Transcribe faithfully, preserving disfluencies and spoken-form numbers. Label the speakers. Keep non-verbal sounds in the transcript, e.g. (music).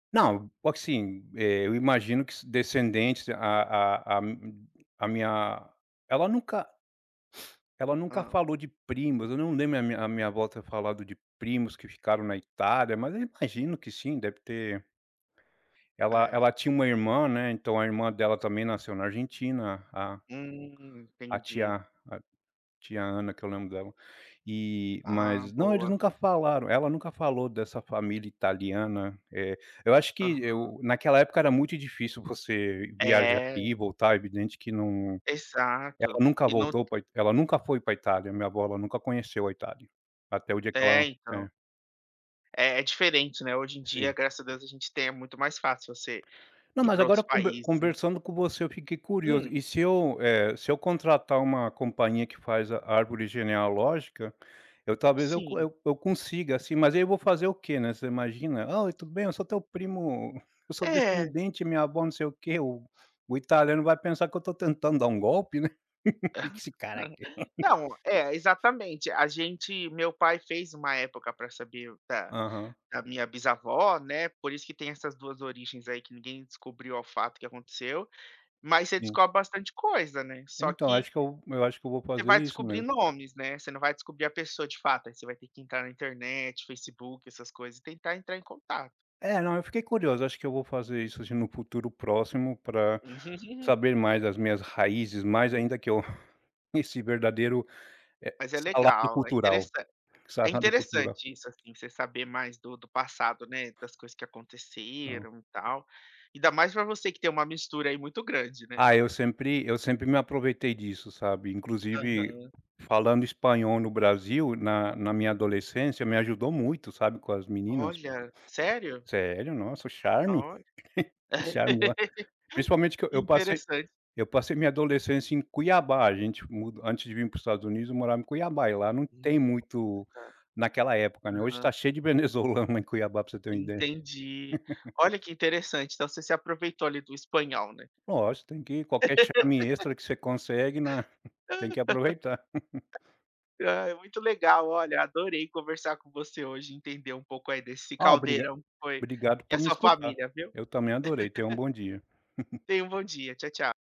Speaker 1: Não, assim, eu imagino que se descendentes a a a a mi a minha, ela nunca ela nunca
Speaker 2: Hã?
Speaker 1: falou de primos, eu não lembro da minha minha a minha avó ter falado de primos que ficaram na Itália mas eu imagino que sim, deve ter ela
Speaker 2: É.
Speaker 1: ela tinha uma irmã, né, então a irmã dela também nasceu na Argentina, a a
Speaker 2: Hum,
Speaker 1: a
Speaker 2: entendi.
Speaker 1: tia a tia Ana que eu lembro dela. E,
Speaker 2: Ah
Speaker 1: mas, não, eles
Speaker 2: boa.
Speaker 1: nunca falaram, ela nunca falou dessa família italiana. Eh, eu acho que
Speaker 2: Aham.
Speaker 1: eu, naquela época era muito difícil você viajar ir
Speaker 2: É.
Speaker 1: e voltar, é evidente que não,
Speaker 2: Exato.
Speaker 1: ela nunca
Speaker 2: E não
Speaker 1: voltou pra Ita ela nunca foi pra Itália, minha avó, ela nunca conheceu a Itália. Até o dia que
Speaker 2: É
Speaker 1: ela, é
Speaker 2: então. É é diferente não é hoje em dia
Speaker 1: Sim.
Speaker 2: graças a Deus a gente tem é muito mais fácil você
Speaker 1: Não
Speaker 2: ir
Speaker 1: mas
Speaker 2: pra
Speaker 1: agora
Speaker 2: outros
Speaker 1: conve
Speaker 2: países.
Speaker 1: conversando com você eu fiquei curioso,
Speaker 2: Hum.
Speaker 1: e se eu, eh, se eu contratar uma companhia que faz a árvore genealógica, eu talvez eu
Speaker 2: Sim.
Speaker 1: eu co eu consiga assim, mas aí eu vou fazer o quê, né? Você imagina, ah, "Oi tudo bem? Eu sou teu primo, eu sou
Speaker 2: É.
Speaker 1: descendente minha vó, não sei o quê", o o italiano vai pensar que eu tô tentando dar um golpe, né. (laughs) Que que esse
Speaker 2: (giggles)
Speaker 1: cara quer?
Speaker 2: Não, é, exatamente, a gente meu pai fez uma época pra saber o da
Speaker 1: Aham.
Speaker 2: da minha bisavó, né, por isso que tem essas duas origens aí que ninguém descobriu ao fato o que aconteceu, mas você
Speaker 1: Sim.
Speaker 2: descobre bastante coisa, né, só
Speaker 1: Então
Speaker 2: que
Speaker 1: acho que eu eu acho que eu vou
Speaker 2: você
Speaker 1: fazer
Speaker 2: vai
Speaker 1: isso
Speaker 2: descobrir
Speaker 1: mesmo.
Speaker 2: nomes, né, você não vai descobrir a pessoa de fato aí você vai ter que entrar na internet, Facebook, essas coisas e tentar entrar em contato.
Speaker 1: É não, eu fiquei curioso, acho que eu vou fazer isso, assim, no futuro próximo pra
Speaker 2: Uhum.
Speaker 1: saber mais das minhas raízes, mais ainda que eu, (chuckles) esse verdadeiro, eh,
Speaker 2: Mas é
Speaker 1: salário
Speaker 2: legal, é
Speaker 1: cultural,
Speaker 2: interessan é
Speaker 1: salário cultural.
Speaker 2: interessante isso, assim, você saber mais do do passado, né, das coisas que
Speaker 1: Não.
Speaker 2: aconteceram e tal. Ainda mais pra você que tem uma mistura aí muito grande, né.
Speaker 1: Ah eu sempre eu sempre me aproveitei disso, sabe. Inclusive,
Speaker 2: Aham.
Speaker 1: falando espanhol no Brasil na na minha adolescência me ajudou muito, sabe. Com as meninas.
Speaker 2: Olha, sério?
Speaker 1: Sério, nossa, o charme.
Speaker 2: Olha.
Speaker 1: O charme o principalmente que eu
Speaker 2: Que
Speaker 1: eu passei
Speaker 2: interessante.
Speaker 1: eu passei minha adolescência em Cuiabá, gente mu antes de vim para o Estados Unidos eu morava em Cuiabá e lá não
Speaker 2: Hum,
Speaker 1: tem muito
Speaker 2: nossa.
Speaker 1: naquela época, né, hoje tá
Speaker 2: Aham.
Speaker 1: cheio de venezuelano em Cuiabá para você ter uma ideia.
Speaker 2: Entendi.
Speaker 1: (laughs)
Speaker 2: Olha que interessante então você se aproveitou ali do espanhol, né.
Speaker 1: Lógico, tem que ir qualquer charme extra que você consegue né, tem que aproveitar.
Speaker 2: (laughs) Ai, é muito legal olha, eu adorei conversar com você hoje e entender um pouco aí desse
Speaker 1: Ah, obriga
Speaker 2: caldeirão que foi,
Speaker 1: obrigado
Speaker 2: e
Speaker 1: por me
Speaker 2: essa
Speaker 1: escutar.
Speaker 2: família, viu.
Speaker 1: Eu também adorei, tenha um bom dia. (chuckles)
Speaker 2: (laughs) Tenha um bom dia, tchau tchau.